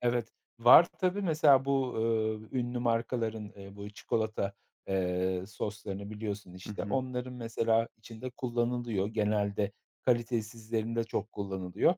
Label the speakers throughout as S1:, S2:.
S1: Evet, var tabii. Mesela bu, ııı, ünlü markaların, eee, bu çikolata, eee, soslarını biliyorsun
S2: Hı
S1: işte.
S2: hı.
S1: Onların mesela içinde kullanılıyor, genelde kalitesizlerinde çok kullanılıyor.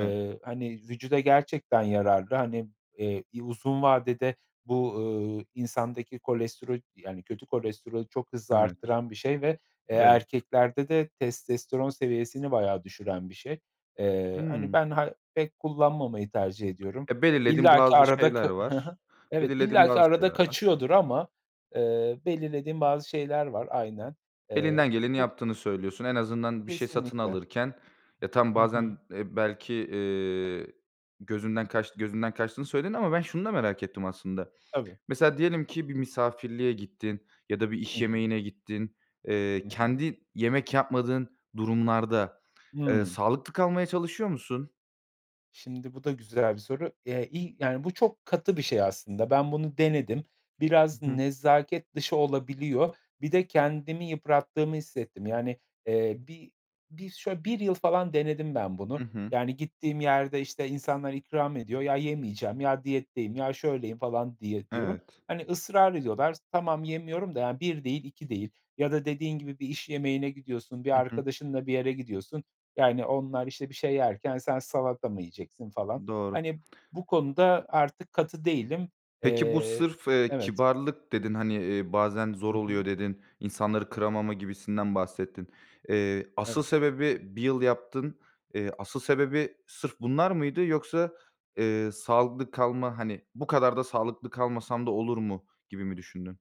S2: Evet.
S1: hani, vücuda gerçekten yararlı, hani, eee, i uzun vadede bu, ııı, insandaki kolestero yani, kötü kolesterolü çok hızlı
S2: Evet.
S1: arttıran bir şey ve, eee,
S2: Evet.
S1: erkeklerde de testosteron seviyesini bayağı düşüren bir şey. Eee, hani,
S2: Hımm.
S1: ben ha pek kullanmamayı tercih ediyorum.
S2: E, belirlediğim
S1: İllaki
S2: bazı
S1: arada
S2: şeyler
S1: k Hı
S2: var.
S1: hı, evet,
S2: Belirlediğim
S1: illaki
S2: bazı
S1: arada
S2: şeyler var. Hı
S1: kaçıyordur
S2: hı.
S1: ama, eee, belirlediğim bazı şeyler var, aynen. Eee,
S2: Elinden geleni
S1: bu
S2: yaptığını söylüyorsun. En azından bir şey satın
S1: Kesinlikle.
S2: alırken. Ya, tamam
S1: Hı hı.
S2: bazen, eee, belki, eee, gözünden kaç gözünden kaçtığını söyledin ama ben şunu da merak ettim aslında.
S1: Tabii.
S2: Mesela diyelim ki bir misafirliğe gittin ya da bir
S1: Hı
S2: iş
S1: hı.
S2: yemeğine gittin. Eee,
S1: Hı hı.
S2: kendi yemek yapmadığın durumlarda, eee,
S1: Hımm.
S2: sağlıklı kalmaya çalışıyor musun?
S1: Şimdi bu da güzel bir soru. Eee, i yani, bu çok katı bir şey aslında. Ben bunu denedim.
S2: Hı
S1: Biraz
S2: hı.
S1: nezaket dışı olabiliyor. Bir de kendimi yıprattığımı hissettim. Yani, eee, bir bir şöyle 1 yıl falan denedim ben bunu.
S2: Hı hı.
S1: Yani, gittiğim yerde, işte, insanlar ikram ediyor ya, "Yemeyeceğim." ya "Diyetteyim." ya "Şöyleyim." falan diye diyorum.
S2: Evet.
S1: Hani, ısrar ediyorlar. Tamam yemiyorum da yani 1 değil 2 değil ya da dediğin gibi bir iş yemeğine gidiyorsun, bir
S2: Hı hı.
S1: arkadaşınla bir yere gidiyorsun, yani, onlar, işte, bir şey yerken "Sen salata mı yiyeceksin?" falan,
S2: Doğru.
S1: hani, bu konuda artık katı değilim.
S2: Peki, bu
S1: Eee,
S2: sırf, eee,
S1: evet
S2: kibarlık dedin, hani, eee, bazen
S1: Hı
S2: zor
S1: hı.
S2: oluyor dedin, insanları kıramama gibisinden bahsettin. Eee, asıl
S1: Evet.
S2: sebebi 1 yıl yaptın. Eee, asıl sebebi sırf bunlar mıydı yoksa, eee, sağlıklı kalma, hani, "Bu kadar da sağlıklı kalmasam da olur mu?" gibi mi düşündün?